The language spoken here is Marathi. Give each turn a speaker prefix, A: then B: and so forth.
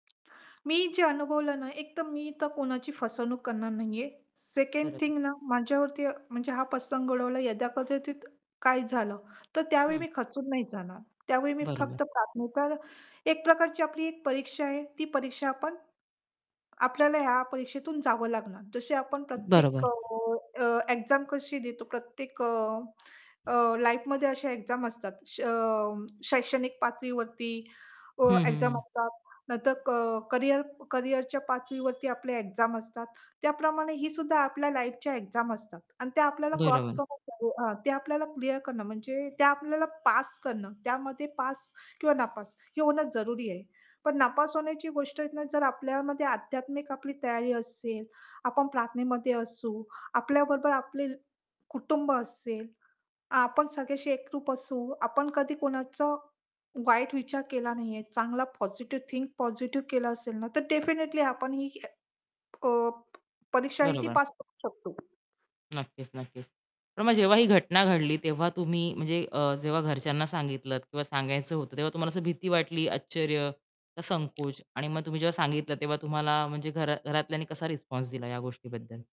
A: मी जे अनुभवलं ना एक तर मी तर कोणाची फसवणूक करणार नाहीये, सेकंड
B: बरोबर.
A: थिंग ना माझ्यावरती म्हणजे हा प्रसंग उडवला यदा कदाचित काय झालं, तर त्यावेळी
B: हं.
A: मी खचून नाही जाणार. त्यावेळी मी
B: बरोबर.
A: फक्त [unintelligible] तर एक प्रकारची आपली एक परीक्षा आहे ती परीक्षा आपण आपल्याला ह्या परीक्षेतून जावं लागणार. जसे आपण प्रत्येक
B: बरोबर.
A: अ, अ, एक्झाम कशी देतो प्रत्येक अ, अ, लाईफमध्ये अशा एक्झाम असतात. अं, शैक्षणिक पातळीवरती अ,
B: हं, हं,
A: एक्झाम
B: हं.
A: असतात. नाहीतर क करियर करियरच्या पातळीवरती आपले एक्झाम असतात, त्याप्रमाणे ही सुद्धा आपल्या लाईफच्या एक्झाम असतात आणि ते आपल्याला क्रॉस
B: बरोबर.
A: करून [unintelligible] अ, ते आपल्याला क्लिअर करणं म्हणजे त्या आपल्याला पास करणं त्यामध्ये पास किंवा नापास, हे होणं जरुरी आहे. पण नापास होण्याची गोष्ट आहे ना जर आपल्यामध्ये आध्यात्मिक आपली तयारी असेल, आपण प्रार्थनेमध्ये असू, आपल्याबरोबर आपले कुटुंब असेल, आपण सगळ्याशी एकरूप असू, आपण कधी कोणाचा वाईट विचार केला नाहीये, चांगला पॉझिटिव्ह, थिंक पॉझिटिव्ह केलं असेल ना, तर डेफिनिटली आपण ही अ, प परीक्षा आहे ती
B: बरोबर.
A: पास करू शकतो.
B: नक्कीच, नक्कीच. पण मग जेव्हा ही घटना घडली तेव्हा तुम्ही म्हणजे अ, जेव्हा घरच्यांना सांगितलंत किंवा सांगायचं होतं तेव्हा तुम्हाला असं भीती वाटली, आश्चर्य का संकोच आणि मग तुम्ही जेव्हा सांगितलं तेव्हा तुम्हाला म्हणजे घरा घरातल्यांनी कसा रिस्पॉन्स दिला या गोष्टीबद्दल?